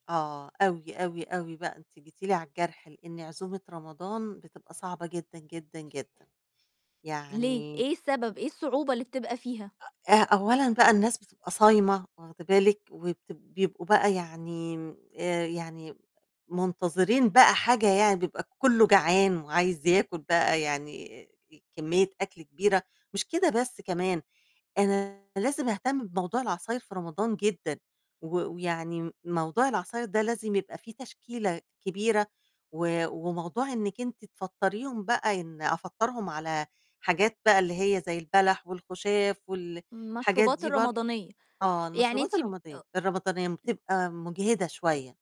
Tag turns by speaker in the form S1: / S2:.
S1: آه أوي، أوي، أوي بقى أنتِ جيتِ لي على الجرح، لإن عزومة رمضان بتبقى صعبة جدًا، جدًا، جدًا.
S2: ليه،
S1: يعني
S2: إيه السبب، إيه الصعوبة اللي بتبقى فيها؟
S1: آآ أولًا بقى الناس بتبقى صايمة واخدة بالِك. وبت بيبقوا بقى يعني آآ يعني منتظرين بقى حاجة يعني بيبقى كُلّه جعان وعايز ياكل بقى يعني كمية أكل كبيرة، مش كده بس كمان أنا لازم اهتم بموضوع العصاير في رمضان جدًا و ويعني موضوع العصاير ده لازم يبقى في تشكيلة كبيرة و وموضوع إنِك أنتِ تفطريهم بقى إن أفطّرهُم على حاجات بقى اللي هي زي البلح والخُشاف وال الحاجات
S2: مشروبات
S1: دي برض
S2: الرمضانية
S1: آه،
S2: يعني أنت
S1: المشروبات الرمضانية م بتبقى مُجهِدة شوية.